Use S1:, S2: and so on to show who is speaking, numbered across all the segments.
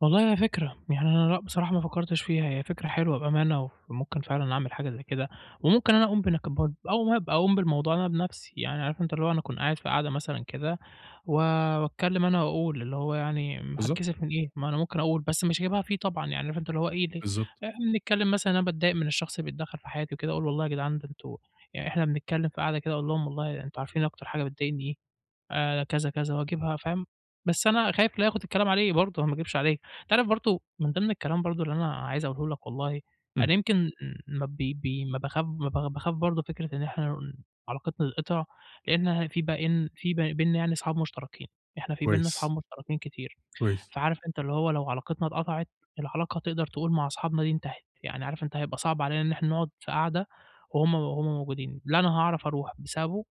S1: والله هي فكرة، يعني أنا لأ بصراحة ما فكرتش فيها، هي فكرة حلوة بأمانة، وممكن فعلًا أعمل حاجة زي كده، وممكن أنا أقوم [unintelligible] برضو، أو هابقى أقوم بالموضوع ده بنفْسِي، يعني عارف أنت اللي هو أنا أكون قاعد في قعدة مثلًا كده، و واتكلم أنا وأقول، اللي هو يعني، امم،
S2: بالضبط.
S1: هاتكسف من إيه، ما أنا ممكن أقول، بس مش هاجيبها فيه طبعًا، يعني فهمت أنت اللي هو إيه ده.
S2: بالضبط.
S1: إحنا بنتكلم مثلًا، أنا باتضايق من الشخص اللي بيتدخل في حياتي وكده، وأقول والله يا جدعان ده أنتم يعني إحنا بنتكلم في قعدة كده أقول لهم والله أنتم عارفين أكتر حاجة بتضايقني إيه؟ آآ، كذا كذا، واجيبها فاهم، بس أنا خايف لياخد الكلام عليه برضو، ما أكدبش عليك، أنت عارف برضو من ضِمْن الكلام برضو اللي أنا عايز أقوله لك والله،
S2: إمم.
S1: أنا يمكن م ما ب ب ما باخاف ما ب باخاف برضو فكرة إن إحنا ن علاقتنا تتقطع؛ لأنها في بقى إن في ب بيننا يعني أصحاب مشتركين، إحنا في بيننا
S2: كويس.
S1: أصحاب مشتركين كتير
S2: كويس.
S1: فعارف أنت اللي هو لو علاقتنا اتقطعت، العلاقة تقدَر تقول مع أصحابنا دي انتهت، يعني عارف أنت هيبقى صعب علينا إن إحنا نقعد في قعدة وهُم وهُم موجودين، لا أنا هاعرف أرُوح بسببه؛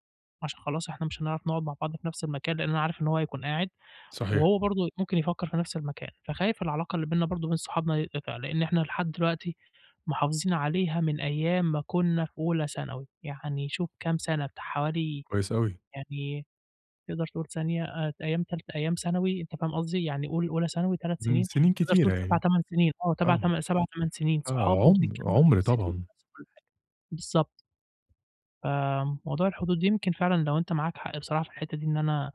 S1: عشان خلاص إحنا مش هنعرف نقعد مع بعض في نفْس المكان، لأن أنا عارف إن هو هيكون قاعد
S2: صحيح.
S1: وهو برضو ممكن يفكر في نفْس المكان، فخايف العلاقة اللي بيننا برضو وبين صحابنا تتقطع، لأن إحنا لحد دلوقتي محافظين عليها من أيام ما كنا في أولى ثانوي، يعني شوف كام سنة! بتاع حوالي
S2: كويس أوي.
S1: يعني تقدَر تقول ثانية، آآ، أيام تالتة أيام ثانوي أنت فاهم قصدي، يعني قُل أولى ثانوي، 3
S2: من
S1: سنين،
S2: سنين
S1: تقدَر تقول
S2: كتيرة
S1: سَبَع،
S2: يعني.
S1: تمن سنين، آه، تبع
S2: آه م
S1: 7، 8 سنين، صحاب
S2: آه
S1: وبنتجمع
S2: عُمْ
S1: من
S2: عُمْر
S1: سنين،
S2: طبعًا.
S1: ونَفْس كل حاجة. بالضبط آآ، موضوع الحدود، يمكن فعلًا لو أنت معاك حق بصراحة في الحتّة دي، إن أنا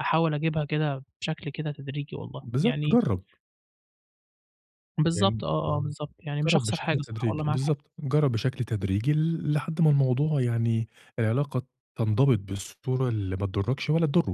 S1: أحاول أجيبها كده، بشكل كده تدريجي والله،
S2: بالضبط،
S1: يعني
S2: جرَّب. يعني
S1: بالضبط، آه، آه بالضبط، يعني مش
S2: جرَّب
S1: هاخسر
S2: بشكل
S1: حاجة صح
S2: تدريجي
S1: والله معاك حق.
S2: بالضبط. جرَّب بشكل تدريجي ل لحد ما الموضوع يعني، العلاقة تنضبط بالصورة اللي ما تضركش ولا تضره.